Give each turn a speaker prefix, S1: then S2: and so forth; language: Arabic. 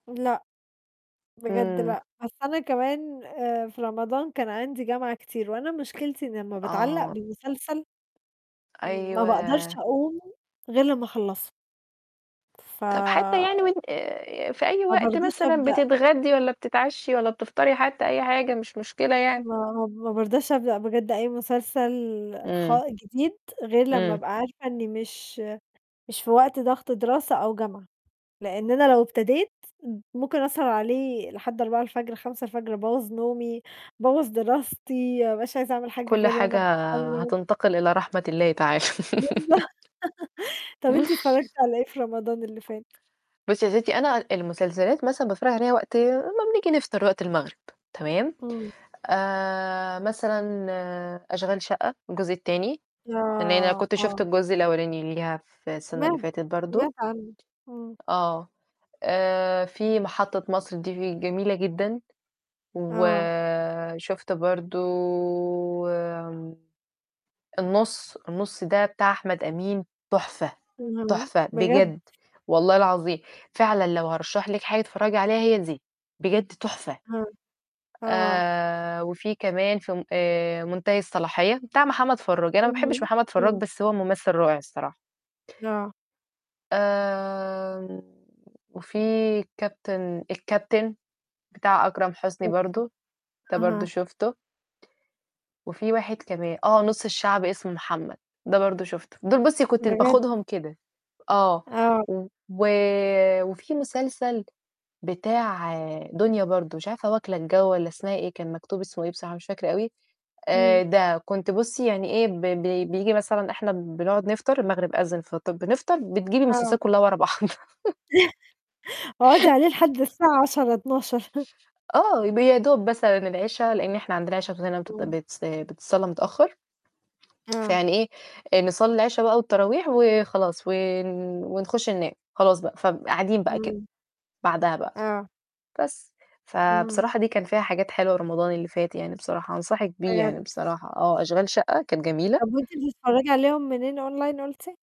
S1: لأ، بجد
S2: إمم.
S1: لأ، بس أنا كمان، آآ في رمضان كان عندي جامعة كتير، وأنا مشكلتي إني أمّا باتعلّق
S2: آه.
S1: بمسلسل ما باقدرش
S2: أيوه.
S1: أقوم غير لمّا أخلّصه. ف
S2: طب حتّى يعني وأن في أي
S1: ما
S2: وقت
S1: بارضاش
S2: مثلًا
S1: أبدأ
S2: بتتغدِّي والّا بتتعشِّي والا بتفطري حتّى أي حاجة، مش مشكلة يعني.
S1: ما ما بارضاش أبدأ بجد أي مسلسل خ
S2: إمم.
S1: جديد غير لمّا
S2: إمم.
S1: أبقى عارفة إني مش مش في وقت ضغط دراسة أو جامعة. لإن أنا لو ابتديت، ممكن أسهر عليه لحد 04:00، 05:00 أبوّظ نومي، أبوّظ دراستي، ما ابقاش عايزة أعمل حاجة
S2: كلّ
S1: غير وأنا
S2: حاجة
S1: ب [unintelligible]
S2: هتنتقل إلى رحمة الله تعالى.
S1: بالضبط طب أنتِ اتفرّجتِ على إيه في رمضان اللي فات؟
S2: بُصّي يا ستي أنا المسلسلات مثلًا باتفرّج عليها وقت ما بنيجي نفطر وقت المغرب، تمام،
S1: إمم.
S2: آآ مثلًا أشغال شقّة الجزء التاني، لإن أنا
S1: آه،
S2: كنت شُفت
S1: آه.
S2: الجزء الأولاني ليها في السنة اللي
S1: سمعت
S2: فاتت برضو.
S1: سمعت عنه امم.
S2: آه. آآ في محطة مصر دي جميلة جدًا.
S1: آه.
S2: وشُفت برضو آمم النُص، النُص ده بتاع أحمد أمين تحفة،
S1: اهم،
S2: تحفة
S1: بجد؟
S2: بجد والله العظيم، فعلًا لو هارشّح لكِ حاجة تتفرّجي عليها هي دي، بجد تحفة،
S1: أها، آه.
S2: آآ وفي كمان في م آآ منتهي الصلاحية بتاع محمد فرّاج، أنا ما باحبش
S1: اهم،
S2: محمد فراج
S1: امم.
S2: بس هو ممثل رائع الصراحة.
S1: آه.
S2: آمم، وفي كابتن الكابتن، بتاع أكرم حسني
S1: [unintelligible]
S2: برضو، ده برضو
S1: أها.
S2: شُفته. وفي واحد كمان، آه، نُص الشعب اسمه محمد، ده برضو شُفته. دُول بُصّي كنت
S1: بجد؟
S2: باخدهم كده. آه.
S1: آه.
S2: و وفي مسلسل بتاع دنيا برضو، مش عارفة واكلة الجو والّا اسمها إيه، كان مكتوب اسمه إيه بصراحة مش فاكرة أوي،
S1: إمم.
S2: آآ ده كنت بُصّي يعني إيه ب ب بييجي مثلًا إحنا بنقعد نفطر، المغرب أذِّن فط بنفطر، بتجيبي
S1: آه.
S2: المسلسلات كلّها ورا بعض.
S1: اقعدي عليه لحد الساعة 22:00 00:00.
S2: آه، ب يا دوب مثلًا العشا لإن إحنا عندنا العشا عندنا بتدَّن
S1: امم.
S2: [unintelligible] بتص بتتصلَّى متأخّر،
S1: آه.
S2: فيعني إيه نصلِّي العشا بقى والتراويح وخلاص، ون ونخش ننام خلاص بقى، فقاعدين بقى كده
S1: امم.
S2: بعدها بقى،
S1: آه.
S2: بس،
S1: امم.
S2: فبصراحة دي كان فيها حاجات حلوة رمضان اللي فات يعني بصراحة أنصحِك بيه
S1: بجد؟
S2: يعني بصراحة آه، أشغال شقة كانت جميلة.
S1: طب وأنتِ بتتفرّجي عليهم منين Online قُلتِ؟